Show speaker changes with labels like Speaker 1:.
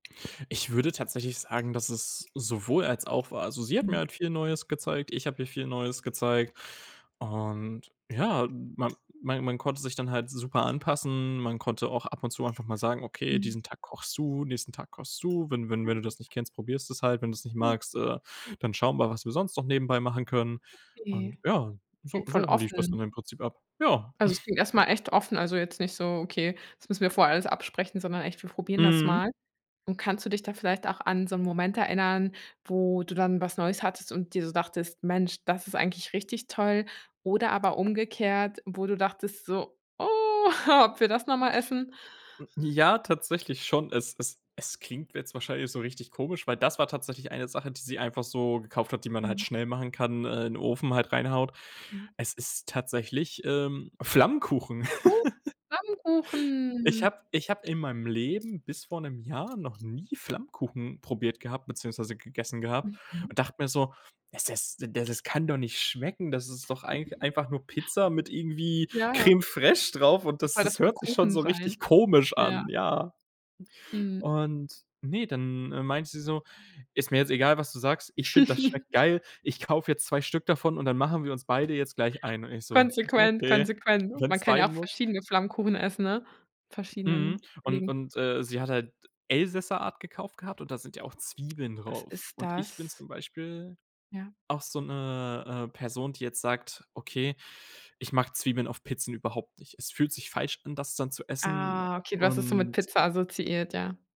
Speaker 1: Ich würde tatsächlich sagen, dass es sowohl als auch war. Also, sie hat mir
Speaker 2: Mhm.
Speaker 1: halt viel Neues gezeigt, ich habe ihr viel Neues gezeigt. Und ja, man man man konnte sich dann halt super anpassen. Man konnte auch ab und zu einfach mal sagen: „Okay,
Speaker 2: Mhm.
Speaker 1: diesen Tag kochst du, nächsten Tag kochst du. Wenn wenn
Speaker 2: Ja,
Speaker 1: wenn du
Speaker 2: gut.
Speaker 1: das nicht kennst, probierst du es halt. Wenn du es nicht
Speaker 2: Mhm.
Speaker 1: magst, äh, dann schauen wir, was wir sonst noch nebenbei machen können.“
Speaker 2: Okay.
Speaker 1: Und ja, so
Speaker 2: Voll
Speaker 1: so lief das
Speaker 2: offen.
Speaker 1: dann im Prinzip ab. Ja.
Speaker 2: Also, es klingt erst mal echt offen, also jetzt nicht so: „Okay, das müssen wir vorher alles absprechen.“, sondern echt: „Wir probieren das
Speaker 1: Mhm.
Speaker 2: mal.“ Und kannst du dich da vielleicht auch an so 'n Moment erinnern, wo du dann was Neues hattest und dir so dachtest: „Mensch, das ist eigentlich richtig toll“? Oder aber umgekehrt, wo du dachtest so: „Oh! Ob wir das noch mal essen?“
Speaker 1: Ja, tatsächlich schon. Es es es klingt jetzt wahrscheinlich so richtig komisch, weil das war tatsächlich eine Sache, die sie einfach so gekauft hat, die man halt
Speaker 2: Mhm.
Speaker 1: schnell machen kann, äh, in Ofen halt reinhaut.
Speaker 2: Ja.
Speaker 1: Es ist tatsächlich, ähm, Flammkuchen.
Speaker 2: Oh.
Speaker 1: Ich
Speaker 2: Flammkuchen!
Speaker 1: hab ich habe in meinem Leben- bis vor 'nem Jahr- noch nie Flammkuchen probiert gehabt beziehungsweise gegessen gehabt
Speaker 2: Mhm.
Speaker 1: und dachte mir so: „Es es da das kann doch nicht schmecken. Das ist doch eigentlich einfach nur Pizza mit irgendwie
Speaker 2: Ja.
Speaker 1: Crème Fraîche drauf, und das
Speaker 2: Soll das
Speaker 1: das
Speaker 2: dann
Speaker 1: hört sich schon
Speaker 2: Kuchen
Speaker 1: so richtig
Speaker 2: sein?
Speaker 1: komisch
Speaker 2: Ja.
Speaker 1: an.“ Ja.
Speaker 2: Mhm.
Speaker 1: Und ne, dann, äh, meinte sie so: „Ist mir jetzt egal, was du sagst. Ich finde, das schmeckt geil, ich kaufe jetzt 2 Stück davon, und dann machen wir uns beide jetzt gleich einen.“ Und ich so:
Speaker 2: Konsequent,
Speaker 1: „Okay,
Speaker 2: konsequent. Man
Speaker 1: wenn's
Speaker 2: kann ja
Speaker 1: sein
Speaker 2: auch
Speaker 1: muss.“
Speaker 2: verschiedene Flammkuchen essen, ne? Mit
Speaker 1: Mhm.
Speaker 2: verschiedenen
Speaker 1: Und
Speaker 2: Belägen.
Speaker 1: und, äh, sie hat halt Elsässer Art gekauft gehabt, und da sind ja auch Zwiebeln
Speaker 2: Was
Speaker 1: drauf.
Speaker 2: ist
Speaker 1: Und ich bin
Speaker 2: das?
Speaker 1: zum Beispiel
Speaker 2: Ja.
Speaker 1: auch so 'ne, äh, Person, die jetzt sagt: „Okay, ich mag Zwiebeln auf Pizzen überhaupt nicht. Es fühlt sich falsch an, das dann zu essen.“,
Speaker 2: Ah, okay, du hast das so mit
Speaker 1: und
Speaker 2: Pizza assoziiert, ja.